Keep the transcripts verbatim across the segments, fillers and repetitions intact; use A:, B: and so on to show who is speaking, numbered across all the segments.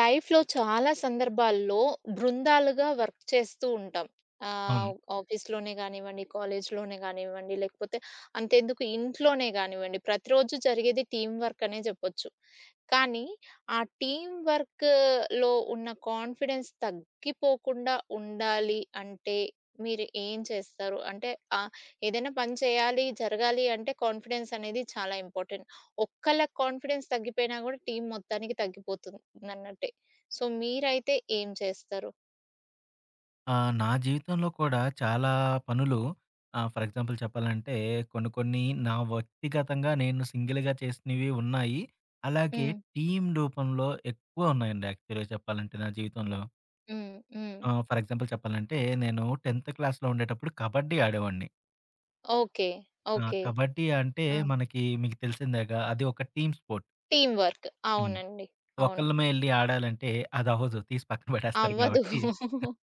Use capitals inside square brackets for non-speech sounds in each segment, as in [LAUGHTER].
A: లైఫ్‌లో చాలా సందర్భాల్లో బృందాలుగా వర్క్ చేస్తూ ఉంటాం.
B: అవును.
A: ఆహ్, ఆఫీస్‌‌లోనే గానివ్వండి, కాలేజ్ లోనే గానివ్వండి లేకపోతే, అంతెందుకు ఇంట్లోనే గానివ్వండి, ప్రతిరోజు జరిగేది టీమ్ వర్క్ అనే జెప్పొచ్చు. కానీ, ఆ టీమ్ వర్క్‌లో ఉన్న కాన్ఫిడెన్స్ తగ్గిపోకుండా ఉండాలి అంటే మీరు ఏం చేస్తారు? అంటే ఆ! ఏదైనా పని చేయాలి, జరగాలి అంటే, కాన్ఫిడెన్స్ అనేది చాలా ఇంపార్టెంట్. ఒక్కళ్ళ కాన్ఫిడెన్స్ తగ్గిపోయినా గూడా టీమ్ మొత్తానికి తగ్గిపోతుందన్నట్టే. సో, మీరైతే ఏం చేస్తారు?
B: ఆ! నా జీవితంలో కూడా చాలా పనులు ఆ! ఫర్ ఎగ్జాంపుల్ చెప్పాలంటే కొన్ని కొన్ని నా వ్యక్తిగతంగా నేను సింగిల్‌గా చేసినవి ఉన్నాయి. అలాగే
A: హ్మ్.
B: టీమ్ రూపంలో ఎక్కువ ఉన్నాయండి యాక్చువల్‌గా చెప్పాలంటే నా జీవితంలో.
A: హ్మ్. హ్మ్.
B: ఆ! ఫర్ ఎగ్జాంపుల్ చెప్పాలంటే, నేను టెన్త్ క్లాస్‌లో ఉండేటప్పుడు కబడ్డీ ఆడేవాడిని.
A: ఓకే.
B: ఆ!
A: ఓకే.
B: కబడ్డీ అంటే
A: ఆ!
B: మనకి మీకు తెలిసిందేగ. అది ఒక టీమ్ స్పోర్ట్.
A: Team work.
B: హ్మ్.
A: అవునండి. అవును.
B: ఒకళ్ళమే ఎళ్లి ఆడాలంటే అదవ్వదు, తీసి పక్కన బడేస్తారు
A: అవ్వదు.
B: గాబట్టి [CHUCKLES]
A: [GIGGLES]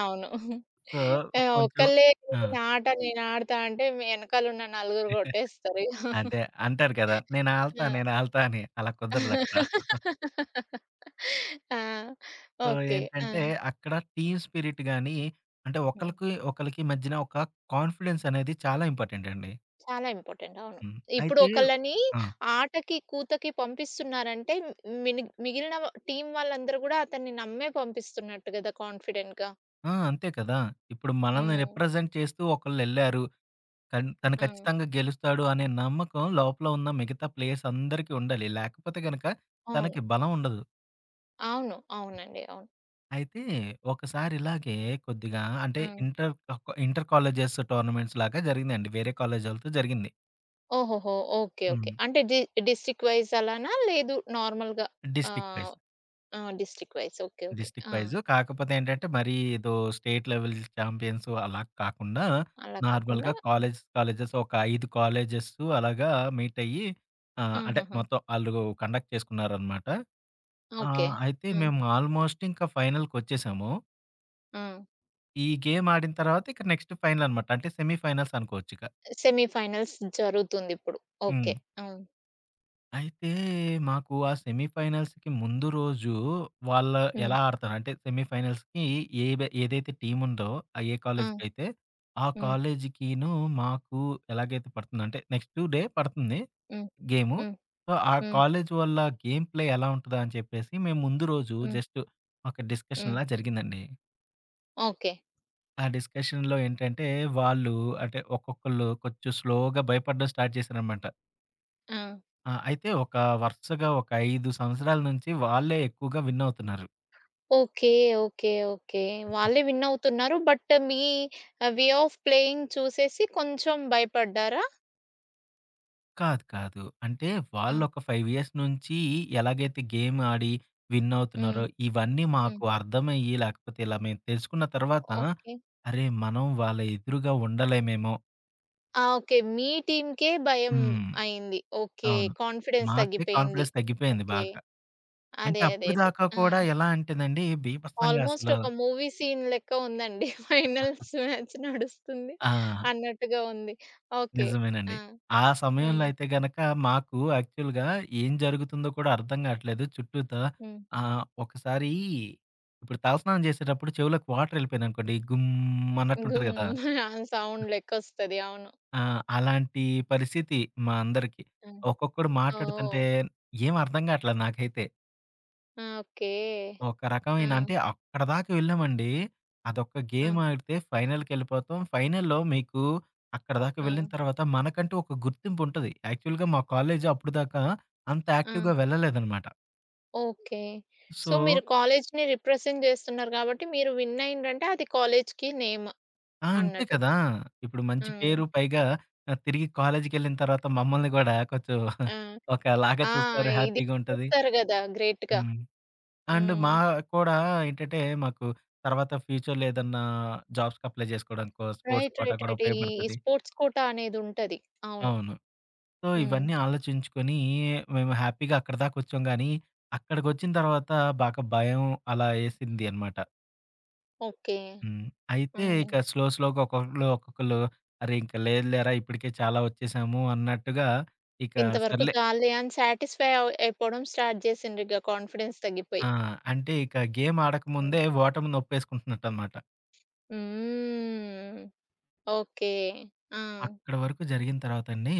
A: అవును.
B: సో,
A: ఆ!
B: కొంచెం
A: ఒక్కళ్ళే నీది
B: ఆ!
A: నాట నేను ఆడతా అంటే మీ ఎనకాల ఉన్న నలుగురు కొట్టేస్తారిగ.
B: [CHUCKLES]
A: [CHUCKLES]
B: అదే అంటారు గదా! నేనాల్తా
A: ఆ!
B: నేనాల్తా అని, అలా కుదరదక్కడ. [CHUCKLES]
A: [LAUGHS] ఆ!
B: So,
A: okay. ఆ!
B: ఏంటంటే అక్కడ టీమ్ స్పిరిట్ గానీ అంటే,
A: హ్మ్.
B: ఒకళ్ళకి ఒకళ్ళకి మధ్యన ఒక కాన్ఫిడెన్స్ అనేది చాలా ఇంపార్టెంట్ అండి.
A: చాలా ఇంపార్టెంట్. అవును.
B: హ్మ్.
A: ఇప్పుడు
B: అయితే
A: ఒకళ్ళని
B: ఆ!
A: ఆటకి కూతకి పంపిస్తున్నారంటే మిని మిగిలిన వా టీమ్ వాళ్ళందరూ గూడా అతన్ని నమ్మే పంపిస్తున్నట్టు గదా! కాన్ఫిడెంట్‌గా.
B: ఆ! అంతే కదా! ఇప్పుడు మనల్ని
A: హ్మ్.
B: రిప్రజెంట్ చేస్తూ ఒకళ్ళెళ్లారు. కన్ తను
A: హ్మ్.
B: ఖచ్చితంగా గెలుస్తాడు అనే నమ్మకం లోపల ఉన్న మిగతా ప్లేయర్స్ అందరికీ ఉండాలి. లేకపోతే గనక
A: అవును.
B: తనకి బలం ఉండదు.
A: అవును. అవునండి. అవును.
B: అయితే ఒకసారి ఇలాగే కొద్దిగా అంటే
A: హ్మ్.
B: ఇంటర్ ఒక ఇంటర్ కాలేజెస్ టోర్నమెంట్స్ లాగా జరిగిందండి. వేరే కాలేజోల్లతో జరిగింది.
A: ఓహోహో! ఓకే. ఓకే.
B: హ్మ్.
A: అంటే డి డిస్ట్రిక్ట్ వైజ్ అలానా? లేదు నార్మల్‌గా.
B: District wise.
A: ఆహ్, ఆ! District wise. Okay. Okay.
B: District
A: ఆ!
B: వైజు. కాకపోతే ఏంటంటే మరీ ఏదో స్టేట్ లెవెల్ చాం‌పియన్స్ అలా కాకుండా
A: అలా కాకుండా
B: నార్మల్‌గా
A: హ్మ్.
B: కాలేజ్స్ కాలేజెస్ ఒక ఐదు కాలేజెస్సు అలాగా మీట్ అయ్యి ఆ! అంటే
A: హుహుహు.
B: మొత్తం ఆళ్ళు కండక్ట్ చేసుకున్నారనమాట.
A: ఓకే.
B: ఆహ్, అయితే
A: హ్మ్.
B: మేము ఆల్‌మోస్ట్ ఇంకా ఫైనల్‌కొ‌చ్చేసాము.
A: ఆ!
B: ఈ గేమ్ ఆడిన తర్వాత ఇక నెక్స్ట్ ఫైనల్ అనమాట. అంటే సెమీ ఫైనల్స్ అనుకోవచ్చు ఇక.
A: సెమీ ఫైనల్స్ జరుగుతుందిప్పుడు.
B: హ్మ్.
A: ఓకే. హ్మ్.
B: అయితే మాకు ఆ సెమీఫైనల్స్‌కి ముందు రోజు వాళ్ళ
A: హ్మ్.
B: ఎలా ఆడతారంటే, సెమీఫైనల్స్‌కి ఏవ ఏదైతే టీమ్ ఉందో ఆ ఏ
A: ఆ!
B: కాలేజీకయితే. ఆ
A: హ్మ్.
B: కాలేజీకీను మాకు ఎలాగైతే పడుతుందంటే నెక్స్‌ట్ డే పడతంది
A: హ్మ్.
B: గేము.
A: హ్మ్.
B: సో, ఆ
A: హ్మ్.
B: కాలేజీ వల్ల గేమ్‌ప్లే ఎలా ఉంటదా అని చెప్పేసి మేముందు రోజు
A: హ్మ్.
B: జస్ట్, ఒక
A: హ్మ్.
B: డిస్కషన్‌లా జరిగిందండి.
A: ఓకే.
B: ఆ డిస్కషన్‌లో ఏంటంటే, వాళ్ళు అంటే ఒక్కొక్కళ్ళు కొంచెం స్లోగా భయపడడం స్టార్ట్ చేశారనమాట.
A: హ్మ్!
B: ఆ! అయితే ఒక వరుసగా ఒక ఐదు సంవత్సరాల నుంచి, వాళ్ళే ఎక్కువగా విన్నవుతున్నారు.
A: ఓకే. ఓకే. ఓకే.
B: [GIGGLES]
A: వాళ్ళే విన్నవుతున్నారు బట్, మీ ఆహ్, వే ఆఫ్ ప్లేయింగ్ చూసేసి కొంచెం భయపడ్డారా?
B: కాదు, కాదు. అంటే
A: ఆ!
B: వాళ్ళొక ఫైవ్ ఇయర్స్ నుంచి, ఎలాగైతే గేమాడి విన్
A: హ్మ్.
B: అవుతున్నారో, ఇవన్నీ
A: హ్మ్.
B: మాకు అర్థమయ్యి, లాకపోతే ఇలా మేం తెలుసుకున్న
A: ఒ
B: తర్వాత,
A: ఓకే.
B: అరే! మనం వాళ్ళ ఎదురుగా ఉండలేమేమో
A: ఆ! ఓకే. మీ టీమ్‌కే భయం
B: హ్మ్.
A: అయింది. ఓకే.
B: అవును.
A: కాన్ఫిడెన్స్
B: మాకే
A: తగ్గిపోయింది.
B: కాన్ఫిడెన్స్ తగ్గిపోయింది
A: ఓకే.
B: బాగా. అంటే
A: అదే. అదే. అదే.
B: అప్పుటిదాకా
A: హ్మ్.
B: కూడా ఎలా అంటే నండి, బీభత్సంగా
A: ఆల్మోస్ట్
B: అసలు
A: ఒక మూవీ సీన్ లెక్క ఉందండి. ఫైనల్స్
B: [CHUCKLES]
A: మ్యాచ్ నడుస్తుంది
B: ఆ!
A: అన్నట్టుగా ఉంది. ఓకే. ఆ!
B: నిజమేనండి. ఆ సమయంలో
A: హ్మ్.
B: అయితే గనక, మాకు యాక్చువల్‌గా ఏం జరుగుతుందో కూడా అర్థం కావట్లేదు, చుట్టూ త
A: హ్మ్.
B: ఆహ్, ఒకసారి ఇప్పుడు తలస్నానం చేసేటప్పుడు చెవులోకి వాటరెళ్ళిపోయందనుకోండి. గుమ్, అన్నట్టుంటది
A: గుమ్,
B: కదా!
A: [GIGGLES] సౌండ్‌లెక్కొస్తది అవును.
B: ఆ! అలాంటి పరిస్థితి మా అందరికి.
A: హ్మ్.
B: ఒక్కొక్కడు మాట్లాడుతుంటే
A: ఓహ్!
B: ఏమర్థం గాట్లా నాకైతే.
A: ఓకే.
B: ఒక రకమైన అంటే
A: ఆ!
B: అక్కడి దాకా వెళ్ళామండి. అదొక
A: ఆ!
B: గేమ్ ఆడితే ఫైనల్‌కి వెళ్ళిపోతాం. ఫైనల్‌లో అక్కడిదాకా వెళ్ళిన
A: హ్మ్.
B: తర్వాత మనకంటూ ఒక గుర్తింపుంటది. యాక్చువల్‌గా మా కాలేజు అప్పటిదాకా అంత యాక్టివ్‌గా
A: హ్మ్.
B: వెళ్ళలేదనమాట.
A: ఓకే. సో,
B: సో
A: మీరు కాలేజీని రిప్రజెంట్ చేస్తున్నారు కాబట్టి, మీరు విన్ అయిన్రంటే అది కాలేజీకి నేమ్
B: ఆ! అంతే
A: అనట్టు.
B: కదా! ఇప్పుడు మంచి
A: హ్మ్.
B: పేరు. పైగా తిరిగి కాలేజీకెళ్ళిన తర్వాత మమ్మల్ని కూడా కొంచెం
A: ఆ!
B: [CHUCKLES] ఒకలాగా
A: ఆ!
B: చూస్తారు.
A: ఇది
B: హ్యాపీగా ఉంటది.
A: చూస్తారు కదా! గ్రేట్‌గా.
B: హ్మ్. అండ్
A: హ్మ్.
B: మా కూడా ఏంటంటే మాకు తర్వాత ఫ్యూచర్‌లో ఏదన్నా జాబ్స్‌కి అప్లై చేసుకోవడానికో స్పోర్ట్స్
A: రైట్.
B: Quota
A: right.
B: కూడా
A: రైట్. ఈ, ఈ
B: ఉపయోగపడతది.
A: స్పోర్ట్స్ కోటా అనేదుంటది. అవును.
B: అవును. సో,
A: హ్మ్.
B: ఇవన్నీ ఆలోచించుకొని మేము హ్యాపీగా అక్కడిదాకొచ్చాం గానీ, అక్కడికొచ్చిన తర్వాత బాగా భయం అలా ఏసింది అనమాట.
A: ఓకే.
B: హ్మ్. అయితే
A: హ్మ్.
B: ఇక స్లో, స్లోగా ఒక్కొక్కళ్లు ఒక్కొక్కళ్ళు, "అరే! ఇంక లేదులేరా, ఇప్పటికే చాలా ఒచ్చేశాము" అన్నట్టుగా, ఇక
A: ఇంతవరకు
B: సర్లే
A: చాలులే అని సాటిస్ఫై అవ్ అయిపోవడం స్టార్ట్ జేసిండ్రు. ఇక కాన్ఫిడెన్స్ తగ్గిపోయి.
B: ఆ! అంటే ఇక గేమ్
A: హ్మ్.
B: ఆడకముందే ఓటమిని ఒప్పేసుకుంటున్నట్టనమాట.
A: హ్మ్. ఓకే. ఆ!
B: అక్కడ వరకు జరిగిన తర్వాత అండి.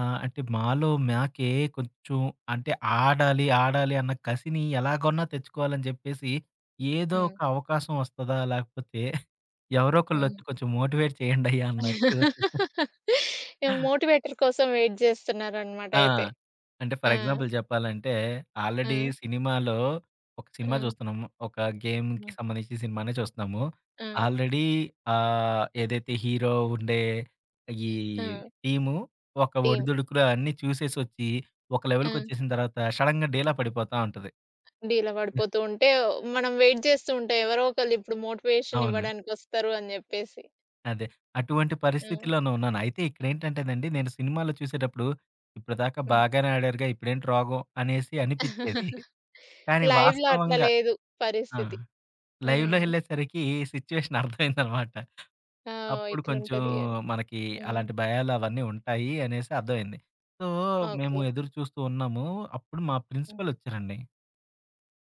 B: ఆహ్, అంటే మాలో మాకే కొంచెం అంటే ఆడాలి, ఆడాలి అన్న కసిని ఎలాగొన్నా తెచ్చుకోవాలని జెప్పేసి, ఏదో
A: హ్మ్.
B: ఒక అవకాశం వస్తదా, లేకపోతే ఎవరో
A: హ్మ్.
B: ఒకళ్ళొచ్చి కొంచెం మోటివేట్ చేయ్యండయ్య అన్నట్టు. [GIGGLES]
A: [LAUGHS] ఇగ మోటివేటర్ కోసం వెయిట్ జేస్తున్నారనమాట
B: ఆ!
A: అయితే.
B: అంటే
A: ఆ!
B: ఫర్ ఎగ్జాంపుల్ జెప్పాలంటే, ఆల్రెడీ
A: ఆ!
B: సినిమాలో ఒక
A: ఆ!
B: సినిమా జూస్తున్నాము. ఒక గేమ్‌కి
A: హ్మ్.
B: సంబంధించిన సినిమానే చూస్తున్నాము.
A: ఆ!
B: ఆల్రెడీ ఆహ్, ఏదైతే హీరో ఉండే ఈ
A: అ ఆ!
B: టీము ఒక
A: టీమ్.
B: ఒడిదుడుకులు అన్నీ చూసేసొచ్చి, ఒక
A: ఆ!
B: లెవెల్‌కొచ్చేసిన తర్వాత షడన్‌గా డీలా పడిపోతా ఉంటది.
A: అ డీలా
B: హ్మ్.
A: పడిపోతూ ఉంటే, ఒ మనం వెయిట్ జేస్తూ ఉంటే ఎవరో ఒకళ్ళిప్పుడు మోటివేషన్
B: అవును.
A: ఇవ్వడానికొస్తారు అని జెప్పేసి.
B: అదే. అటువంటి
A: హ్మ్.
B: పరిస్థితిలోనే ఉన్నాను. అయితే ఇక్కడేంటంటేనండి నేను సినిమాలో చూసేటప్పుడు, ఇప్పటిదాకా
A: హ్మ్.
B: బాగానే ఆడారుగా ఇప్పుడేంటి రోగం అనేసి అనిపిచ్చేది. [GIGGLES]
A: [CHUCKLES]
B: కానీ
A: లైవ్‌లో అట్లా
B: వాస్తవంగా
A: లేదు
B: ఆ!
A: పరిస్థితి.
B: లైవ్‌లో
A: హ్మ్.
B: ఎళ్ళేసరికి సిచ్యుయేషన్ అర్థమైందనమాట.
A: ఆ! ఓహ్!
B: అప్పుడు కొంచెం
A: ఇట్లుంటది అని.
B: మనకి
A: హ్మ్.
B: అలాంటి భయాలు అవన్నీ ఉంటాయి అనేసి అర్థమైంది. సో, మేము
A: ఓకే.
B: ఎదురు చూస్తూ ఉన్నాము. అప్పుడు మా
A: హ్మ్.
B: ప్రిన్సిపల్ ఒచ్చారండి.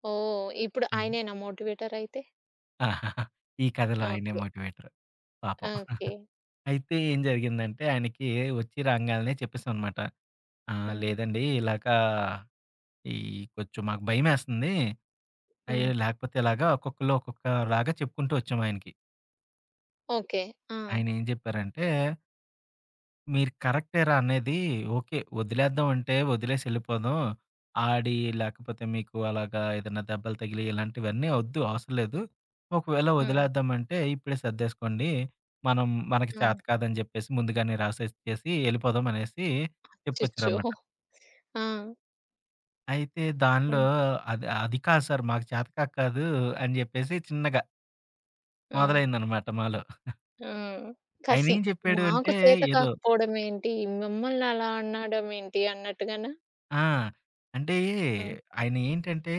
A: ఓహ్! ఇప్పుడు
B: హ్మ్.
A: ఆయనేనా మోటివేటర్ అయితే?
B: ఆ! [GIGGLES] ఈ కథలో ఆయన
A: ఓకే.
B: మోటివేటర్ పాపం. [CHUCKLES]
A: ఓకే.
B: అయితే ఏం జరిగిందంటే, ఆయనకి ఒచ్చి రాంగాలనే చెప్పేసాం అనమాట. "ఆ!
A: హ్మ్.
B: లేదండి, ఇలాగా ఈ కొంచెం మాకు భయమేస్తుంది." అయి
A: హ్మ్.
B: లేకపోతే ఇలాగా ఒక్కొక్కళ్ళు ఒక్కొక్క లాగా చెప్పుకుంటూ వచ్చాం ఆయనకి.
A: ఓకే. హ్మ్!
B: ఆయన ఏం జెప్పారంటే "మీరు కరెక్టే రా, అనేది ఓకే. వదిలేద్దాం అంటే వదిలేసి ఎళ్ళిపోదాం. ఆడి లేకపోతే మీకు అలాగా ఏదైనా దెబ్బలు తగిలి, ఇలాంటివన్నీ ఒద్దు, అవసరం లేదు. ఒకవేళ
A: హ్మ్.
B: వదిలేద్దామంటే ఇప్పుడే సర్దేసుకోండి. మనం మనకి
A: హ్మ్.
B: చేతకాదని జెప్పేసి ముందుగానే రాసిచ్చేసి ఎళ్ళిపోదాం" అనేసి
A: అచిచ్చో.
B: చెప్పుకొచ్చారన్నమాట.
A: ఆ!
B: అయితే దానిలో,
A: హ్మ్.
B: "అది అది కాదు సార్, మాకు చేతకాక కాదు" అని జెప్పేసి చిన్నగా...
A: హ్మ్.
B: మొదలైందన్నమాట మాలో. [CHUCKLES]
A: హ్మ్. కసి,
B: ఆయనేం జెప్పాడు
A: మాకు
B: అంటే
A: చేత
B: ఏదో
A: కాకపోవడమేంటి? మమ్మల్ని అలా అనడంమేంటి అన్నట్టుగానా?
B: ఆ! అంటే
A: హ్మ్.
B: ఆయనేంటంటే,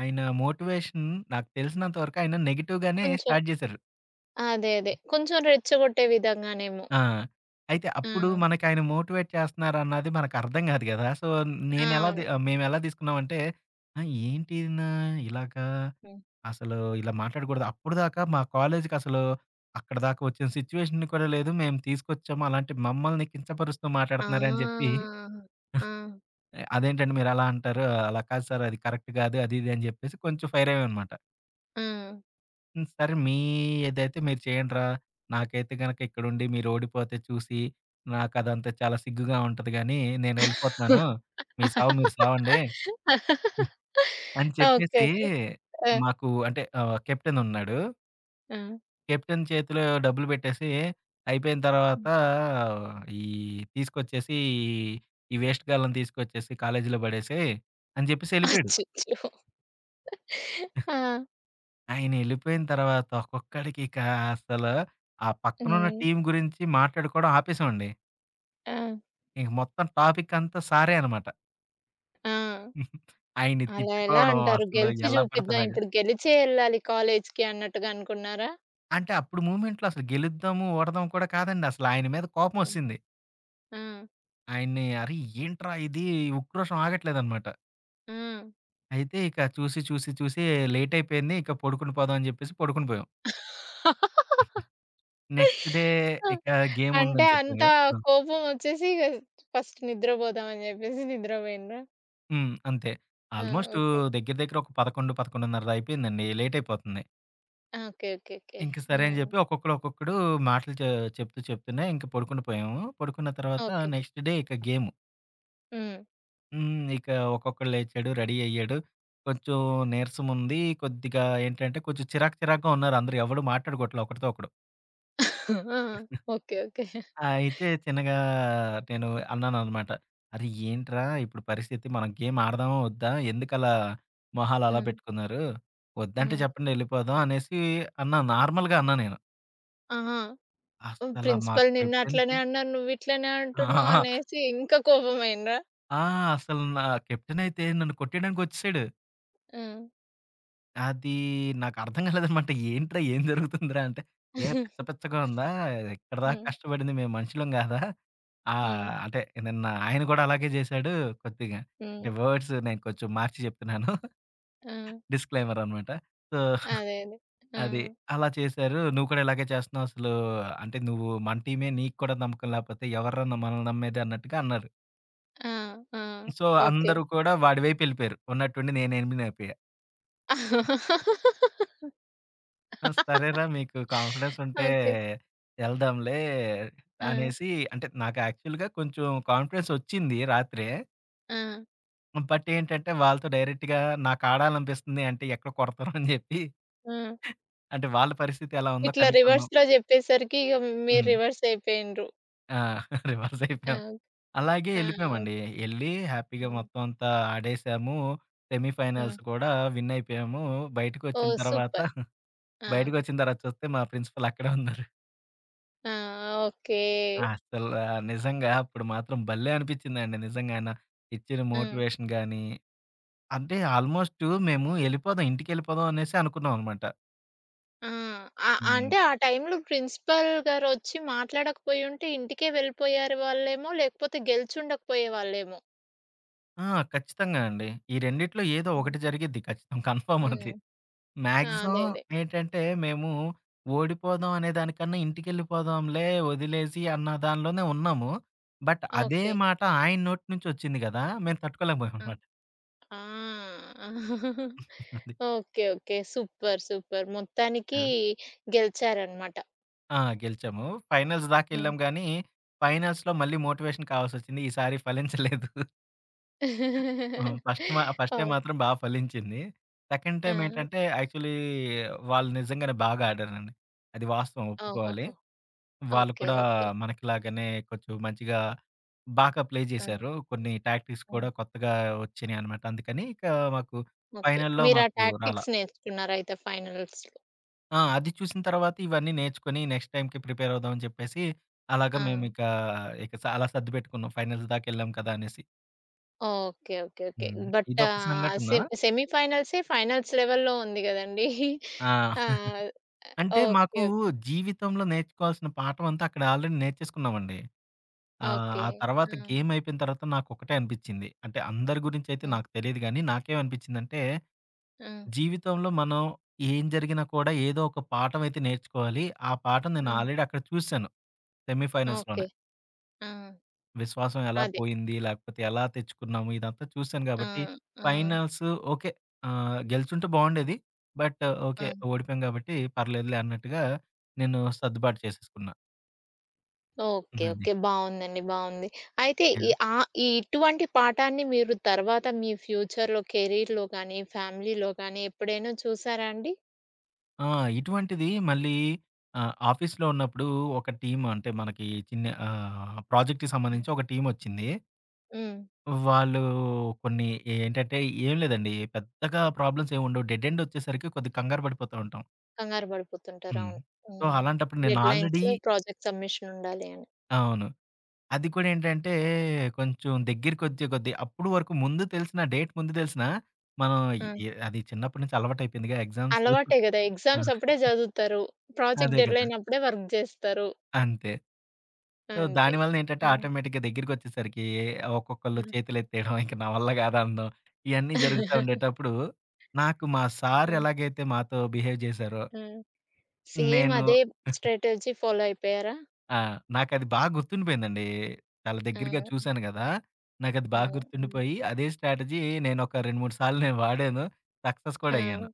B: ఆయన మోటివేషన్ నాకు తెలిసినంత వరకు ఆయన నెగెటివ్‌గానే
A: కొంచెం.
B: స్టార్ట్ జేశారు.
A: అదే. అదే. కొంచెం రెచ్చగొట్టే విధంగానేమో!
B: ఆ! అయితే అప్పుడు
A: హ్మ్.
B: మనకాయన మోటివేట్ చేస్తున్నారన్నది మనకు అర్థం కాదు గదా! సో, నేనెలా
A: అవును.
B: మేమేలా తీసుకున్నామంటే, ఆ! ఏంటినా ఇలాగా?
A: హ్మ్.
B: అసలు ఇలా మాట్లాడకూడదు. అప్పటిదాకా మా కాలేజుకి అసలు అక్కడిదాకా ఒచ్చిన సిట్యుయేషన్ కూడా లేదు. మేము తీసుకొచ్చాము. అలాంటి మమ్మల్ని కించపరుస్తూ
A: ఆ!
B: మాట్లాడుతున్నారు అని జెప్పి, [GIGGLES]
A: ఆ!
B: "ఆహ్, అదేంటంటే మీరు అలా అంటారు? అలా కాదు సార్, అది కరెక్ట్ కాదు, అది ఇది" అని చెప్పేసి కొంచెం ఫైర్ అయ్యామనమాట.
A: హ్మ్.
B: హ్మ్. సరే మీ ఏదైతే మీరు చేయండిరా, నాకైతే గనక ఇక్కడుండి మీరోడిపోతే చూసి నా కదంతా చాలా సిగ్గుగా ఉంటది గానీ నేనెళ్ళిపోతాను. మీ సావు మీరు సావండి? హ్మ్.
A: [LAUGHS]
B: అని
A: ఓకే.
B: చెప్పేసీ
A: ఓకే. ఆ!
B: మాకు అంటే ఆహ్, కెప్టెన్ ఉన్నాడు.
A: ఆ!
B: కెప్టెన్ చేతిలో డబ్బులు పెట్టేసి అయిపోయిన తర్వాత
A: హ్మ్.
B: ఆహ్, "ఈ తీసుకొచ్చేసి ఈ వేస్టుగాళ్ళని తీసుకొచ్చేసి కాలేజ్‌లో పడేసెయ్" అని జెప్పిసెళ్ళిపోయాడు.
A: అచ్చచ్చో!
B: [GIGGLES]
A: ఆ!
B: ఆయనెళ్ళిపోయిన తర్వాత ఒక్కొక్కడికి ఇక అసలు ఆ పక్కనున్న
A: హ్మ్.
B: టీమ్ గురించి మాట్లాడుకోవడం ఆపేసామండి.
A: ఆ!
B: ఇక మొత్తం టాపిక్ అంతా సారే అనమాట.
A: ఆ!
B: [GIGGLES] ఆయన్ని
A: అలా ఎలా
B: తిట్టుకోవడం
A: అంటారు?
B: అసలు
A: గెలిచి
B: ఎలా పడతె
A: చూపిద్దాం.
B: అలాగా
A: ఇప్పుడు గెలిచే ఎళ్ళాలి కాలేజికి అన్నట్టుగా అనుకున్నారా?
B: అంటే అప్పుడు మూమెంట్‌లో అసలు గెలుద్దాము, ఓడదాం కూడా కాదండి. అసలు ఆయన మీద
A: హ్మ్.
B: కోపమొచ్చెసింది.
A: ఆ!
B: ఆయన్ని, "అరె! ఏంట్రా ఇది." ఉక్క్రోషం ఆగట్లేదనమాట.
A: ఆ!
B: అయితే ఇక చూసి, చూసి చూసి లేటైపోయింది. ఇక పడుకుండి పోదాం అని చెప్పేసి పడుకునిపోయాం.
A: [LAUGHS]
B: [GIGGLES] నెక్స్ట్ డే
A: ఆ!
B: ఇక
A: అంటే
B: గేముందని చెప్పాం
A: అంతా
B: గదా ఆ!
A: కోపమొచ్చేసి ఇక ఫస్ట్ నిద్రపోదాం అని చెప్పేసి నిద్రపోయిండ్రా.
B: హ్మ్. అంతే.
A: ఆ!
B: Almost
A: okay.
B: దగ్గర దగ్గర ఒక పదకొండు, పదకొండున్నరలో అయిపోయిందండి. లేటయిపోతుంది.
A: ఓకే. ఓకే. ఓకే.
B: ఇంక సరే అని
A: హ్మ్.
B: జెప్పి ఒక్కొక్కడు ఒక్కొక్కడు మాటలు చె చెప్తూ చెప్తూనే ఇంక పడుకుండి పోయాము. పడుకున్న తర్వాత
A: ఓకే.
B: నెక్స్ట్ డే ఇక గేము.
A: హ్మ్.
B: హ్మ్. ఇక ఒక్కొక్కడు లేచాడు, రెడీ అయ్యాడు. కొంచెం నీరసముంది. కొద్దిగా ఏంటంటే కొంచెం చిరాకు చిరాకుగా ఉన్నారు. అందరూ ఎవ్వడూ మాట్లాడుకోవట్లే ఒకడితో ఒకడు.
A: [COUGHS] ఆ! ఓకే. ఓకే.
B: [CHUCKLES] ఆ! అయితే చిన్నగా నేను అన్నాననమాట. అరే ఏంట్రా? ఇప్పుడు పరిస్థితి? మనం ఏం ఆడదామా ఒద్దా? ఎందుకలా మొహాలలా
A: హ్మ్.
B: పెట్టుకున్నారు? ఒద్దంటే
A: హ్మ్.
B: చెప్పండి, ఎళ్ళిపోదాం అనేసి అన్నాను. నార్మల్‌గా అన్నా నేను.
A: ఆహా!
B: అస్సల మా
A: ప్రిన్సిపల్ నిన్నట్లనే
B: కెప్టెన్‌కి
A: అన్నారు, నువ్విట్లనే అంటున్నావు
B: ఆ! [GIGGLES]
A: అనేసి ఇంకా కోపమైండ్రా?
B: ఆ! అసలు నా కెప్టెన్ అయితే నన్ను కొట్టేయడానికొచ్చేసాడు.
A: హ్మ్.
B: అది నాకర్థం కాలేదనమాట. ఏంట్రా? ఏం జరుగుతుందిరా? అంటే "ఏ
A: [CHUCKLES]
B: పిచ్చపిచ్చగా ఉందా? ఇక్కడిదాకా
A: హ్మ్.
B: కష్టపడింది మేము మనుషులం [GIGGLES] గాదా?" ఆహ్,
A: హ్మ్.
B: అంటే నిన్న ఆయన గూడా అలాగే జేశాడు కొద్దిగా.
A: హ్మ్.
B: వర్డ్స్ నేను కొంచెం మార్చి జెప్తున్నాను. [GIGGLES]
A: ఆ!
B: డిస్‌‌క్లయిమర్ అనమాట. సో,
A: అదే. అదే.
B: [GIGGLES]
A: ఆ!
B: అది అలా చేశారు. "నువ్వు కూడా ఇలాగే చేస్తున్నావు. అసలు అంటే నువ్వు మన టీమే. నీకు కూడా నమ్మకం లాకపోతే ఎవర్రా న మనల్ని నమ్మేది?" అన్నట్టుగా అన్నారు.
A: ఆ! ఆ!
B: So
A: okay.
B: అందరూ కూడా వాడివైపెళ్ళిపోయారు. ఉన్నట్టుండి నేనెనిమీనయిపోయా. ఆ!
A: [LAUGHS]
B: సరేరా మీకు కాన్ఫిడెన్స్ ఉంటే,
A: ఓకే.
B: ఎళ్దాంలే
A: ఆ!
B: అనేసి అంటే, నాకు యాక్చువల్‌గా కొంచెం కాన్ఫిడెన్స్ ఒచ్చింది రాత్రే.
A: ఆ!
B: హ్మ్. బట్ ఏంటంటే వాళ్ళతో డైరెక్ట్‌గా నాకాడాలనిపిస్తుంది అంటే ఎక్కడ కొడతారొ అని జెప్పి.
A: ఆ!
B: అంటే వాళ్ళ పరిస్థితెలా ఉందో
A: ఇట్లా
B: కనుక్కుందాం.
A: రివర్స్‌లో చెప్పేసరికి ఇగ మీరు
B: హ్మ్.
A: రివర్స్ అయిపోయిండ్రు.
B: ఆ! రివర్స్ అయిపోయాం.
A: అవు
B: అలాగే
A: ఆ! ఓక్
B: ఎళ్ళిపోయామండి. ఎళ్ళి హ్యాపీగా
A: ఆ!
B: మొత్తమంతా ఆడెసాము.
A: హ్మ్.
B: సెమీఫైనల్స్ కూడా విన్నయిపోయాము. బయటకొచ్చిన
A: ఓహ్!
B: తర్వాత
A: సూపర్.
B: [GIGGLES]
A: ఆ!
B: బయటకొచ్చిన తర్వాత చూస్తే మా ప్రిన్సిపల్ అక్కడే ఉన్నారు.
A: ఆ! ఓకే.
B: అసలా నిజంగా అప్పుడు మాత్రం భలే అనిపిచ్చిందండి నిజంగానా. ఇచ్చిన
A: హ్మ్.
B: మోటివేషన్ గానీ, అంటే ఆల్‌మోస్టు మేము ఎళ్ళిపోదాం ఇంటికెళ్ళిపోదాం అనేసి అనుకున్నాం అనమాట.
A: ఆ! ఆ!
B: హ్మ్.
A: అంటే
B: ఉంది.
A: ఆ టైమ్‌లో ప్రిన్సిపల్ గారొచ్చి మాట్లాడకపోయింటే ఇంటికే వెళ్ళిపోయారు వాళ్ళేమో లేకపోతే గెలిచుండకపోయేవాాళ్ళేమో.
B: ఆ! ఖచ్చితంగా అండి. ఈ రెండిట్లో ఏదో
A: హ్మ్.
B: ఒకటి జరిగిద్ది ఖచ్చితం. కన్ఫార్మ్
A: హ్మ్.
B: అది.
A: ఆ! అదే.
B: మాగ్జిమమ్
A: అదే.
B: ఏంటంటే, మేము ఓడిపోదాం అనే దానికన్నా ఇంటికెళ్ళిపోదాంలే ఒదిలేసి అన్న దానిలోనే ఉన్నాము. బట్ అదే
A: ఓకే.
B: మాట ఆయన నోటి నుంచొచ్చింది గదా! మేము
A: ఆ!
B: తట్టుకోలేకపోయామనమాట.
A: ఆ! [CHUCKLES]
B: [GIGGLES] అది.
A: ఓకే. ఓకే. సూపర్, సూపర్ మొత్తానికి
B: ఆ!
A: గెలిచారనమాట.
B: ఆ! గెలిచాము. ఫైనల్స్
A: హ్మ్.
B: దాకెళ్ళాంగానీ, ఫైనల్స్‌లో మళ్ళీ మోటివేషన్ కావాల్సొచ్చింది. ఈసారి ఫలించలేదు. హ్మ్.
A: [LAUGHS]
B: ఫస్ట్ మా ఫస్ట్ టైమ్
A: అవును.
B: మాత్రం బా ఫలించింది. సెకండ్ టైమ్
A: ఆ!
B: ఏంటంటే, యాక్చువల్లీ వాళ్ళు నిజంగానే బాగా ఆడారండి. అది వాస్తవం ఒప్పుకోవాలి.
A: ఓహోహో!
B: వాళ్ళు
A: ఓకే.
B: కూడా
A: ఓకే.
B: మనకిలాగానే కొంచెం మంచిగా బాగా ప్లే
A: హ్మ్.
B: జేశారు. కొన్ని టాక్టిక్స్
A: హ్మ్.
B: కూడా కొత్తగా ఒచ్చినయనమాట. అందుకని ఇకా మాకు
A: ఓకే.
B: ఫైనల్‌లో
A: మీరు ఆ
B: మాకు రాలా.
A: టాక్టిక్స్ నేర్చుకున్నారయితే, ఫైనల్స్‌లో?
B: ఆ! అది చూసిన తర్వాతే ఇవన్నీ నేర్చుకొని నెక్స్ట్ టైమ్‌కి ప్రిపేరవుదాం అని జెప్పేసి, అలాగా
A: ఆ!
B: మేమిక ఇక సాలా సర్దుపెట్టుకున్నాం. ఫైనల్స్ దాకా ఎళ్ళాం కదా అనేసి.
A: ఓకే. ఓకే. ఓకే.
B: హ్మ్.
A: బట్
B: ఇదొక
A: ఆహ్,
B: సంఘటనా.
A: సెమ్ సెమీఫైనల్సే ఫైనల్స్ లెవెల్‌లో ఉంది గదండి!
B: ఆ!
A: [CHUCKLES] ఆ!
B: [CHUCKLES] అంటే
A: ఓకే.
B: మాకు
A: ఓక్
B: జీవితంలో నేర్చుకోవాల్సిన పాఠం అంతా అక్కడ ఆల్‌రెడీ నేర్చేసుకున్నామండి. ఆహ్,
A: ఓకే.
B: ఆ తర్వాత
A: ఆ!
B: గేమైపోయిన తర్వాత నాకొకటే అనిపిచ్చింది. అంటే అందరి గురించయితే
A: హ్మ్.
B: నాకు తెలీదు గానీ, నాకేమనిపించిందంటే,
A: హ్మ్.
B: జీవితంలో మనం ఏం జరిగినా కూడా ఏదో ఒక పాఠం అయితే నేర్చుకోవాలి, ఆ పాఠం నేను
A: హ్మ్.
B: ఆల్‌రెడీ అక్కడ చూసాను. Semi
A: okay.
B: ఫైనల్స్‌లోనే.
A: ఆ!
B: విశ్వాసం ఎలా
A: అదే.
B: పోయింది, లాకపోతే ఎలా తెచ్చుకున్నాము. ఇదంతా చూసాను
A: ఆ!
B: కాబట్టి,
A: ఆ!
B: Finals okay. ఆహ్, గెలుచుంటే బావుండేది. But okay.
A: ఆ!
B: ఓడిపోయాం కాబట్టి పర్లేదులే అన్నట్టుగా నేను సర్దుబాటు చేసేసుకున్నా.
A: ఓకే.
B: అది.
A: ఓకే. బావుందండి. బావుంది. అయితే ఈ
B: యాహ్!
A: ఆ ఈ ఇటువంటి పాఠాన్ని మీరు తర్వాత మీ ఫ్యూచర్‌లో కెరీర్‌లో గానీ, ఫ్యామిలీలో గానీ ఎప్పుడైనా చూసారా అండి?
B: ఆ! ఇటువంటిది మళ్లీ ఆహ్, ఆఫీసులో ఉన్నప్పుడు ఒక టీమ్ అంటే మనకి చిన్న ఆహ్, ప్రాజెక్ట్‌కి
A: హ్మ్.
B: సంబంధించి ఒక టీమ్ ఒచ్చింది.
A: హ్మ్.
B: వాళ్ళు కొన్ని ఏంటంటే, ఏం లేదండి. పెద్దగా ప్రాబ్లమ్స్ ఏమీ ఉండవు. డెడ్‌ ఎండ్ వచ్చేసరికి కొద్దిగా కంగారు పడిపోతూ ఉంటాం.
A: కంగారు పడిపోతుంటారు.
B: హ్మ్.
A: అవును.
B: సో,
A: హ్మ్.
B: అలాంటప్పుడు నేను ఆల్రెడీ
A: డెడ్‌లైన్స్‌లో ప్రాజెక్ట్ సబ్మిషన్ ఉండాలి అని.
B: అవును. అది కూడా ఏంటంటే, కొంచెం దెగ్గరకొచ్చే కొద్ది అప్పటివరకు ముందు తెలిసినా, డేట్ ముందు తెలిసినా మనం
A: హ్మ్.
B: ఎ అది చిన్నప్పటి నుంచి అలవాటు అయిపోయిందిగా ఎగ్జామ్స్
A: అలవాటే
B: [CHUCKLES]
A: గదా!
B: ఆ!
A: ఎగ్జామ్స్ అప్పుడే
B: [GIGGLES]
A: చదువుతారు. ప్రాజెక్ట్
B: అదే కదా!
A: డెడ్‌లైన్ అప్పుడే వర్క్ జేస్తారు.
B: అంతే. సో,
A: అంతే.
B: దాని వలన ఏంటంటే,
A: హ్మ్.
B: ఆటోమేటిక్‌గా దెగ్గరికొచ్చేసరికి ఒక్కొక్కళ్ళు
A: హ్మ్.
B: చేతులెత్తేయడం, ఇంక నా వల్ల కాదనడం. ఇయన్నీ జరుగుతా
A: [CHUCKLES]
B: ఉండేటప్పుడు నాకు మా సార్
A: హ్మ్.
B: ఎలాగైతే మాతో బిహేవ్ జేశారో
A: హ్మ్. సేమ్
B: నేను
A: అదే
B: [CHUCKLES]
A: స్ట్రాటజీ ఫాలో అయిపోయారా?
B: ఆ! నాకది బా గుర్తుండిపోయిందండి. చాలా దెగ్గరగా
A: హ్మ్.
B: చూసాను గదా! నాకది బా
A: హ్మ్. హ్మ్.
B: గుర్తుండిపోయి, అదే స్ట్రాటజీ నేను ఒక రెండు మూడు సార్లు నేను వాడాను. సక్సెస్ కూడా
A: ఆ!
B: అయ్యాను.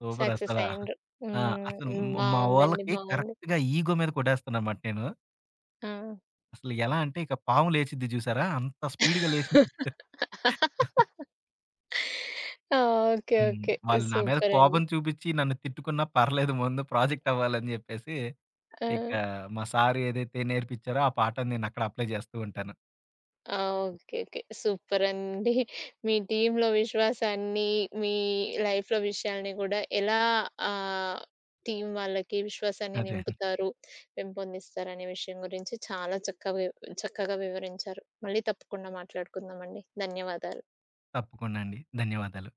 B: సూపర్
A: సక్సెస్
B: అసలా.
A: అయ్యిండ్రు.
B: ఆ! అసలు
A: హ్మ్.
B: మా
A: బావుందండి.
B: వోళ్ళకి
A: బావుంది.
B: కరెక్ట్‌గా ఈగో మీద కొట్టేస్తున్నాననమాట నేను.
A: ఆ!
B: అసలు ఎలా అంటే ఇక పాము లేచిద్ది జూసారా? అంత స్పీడ్‌గా లేచింది. [LAUGHS]
A: [LAUGHS] ఆ! ఓకే.
B: హ్మ్.
A: ఓకే.
B: వాళ్ళు నా మీద
A: సూపర్ అండి.
B: కోపం చూపిచ్చి నన్ను తిట్టుకున్నా పర్లేదు. ముందు ప్రాజెక్ట్ అవ్వాలని జెప్పేసి, ఇక
A: ఆ!
B: మా సార్ ఏదైతే నేర్పిచ్చారో, ఆ పాఠం నేనక్కడ అప్లై చేస్తూ ఉంటాను.
A: ఆ! ఓకేకే. సూపర్ అండి. మీ టీమ్‌లో విశ్వాసాన్ని, మీ లైఫ్‌లో విషయాల్ని గూడా ఎలా ఆహ్, టీమ్ వాళ్ళకి విశ్వాసాన్ని
B: అదే. [GIGGLES]
A: నింపుతారు, పెంపొందిస్తారు అనే విషయం గురించి చాలా చక్కగా వివ చక్కగా వివరించారు. మళ్లీ తప్పకుండా మాట్లాడుకుందామండి. ధన్యవాదాలు.
B: తప్పకుండా అండి. ధన్యవాదాలు.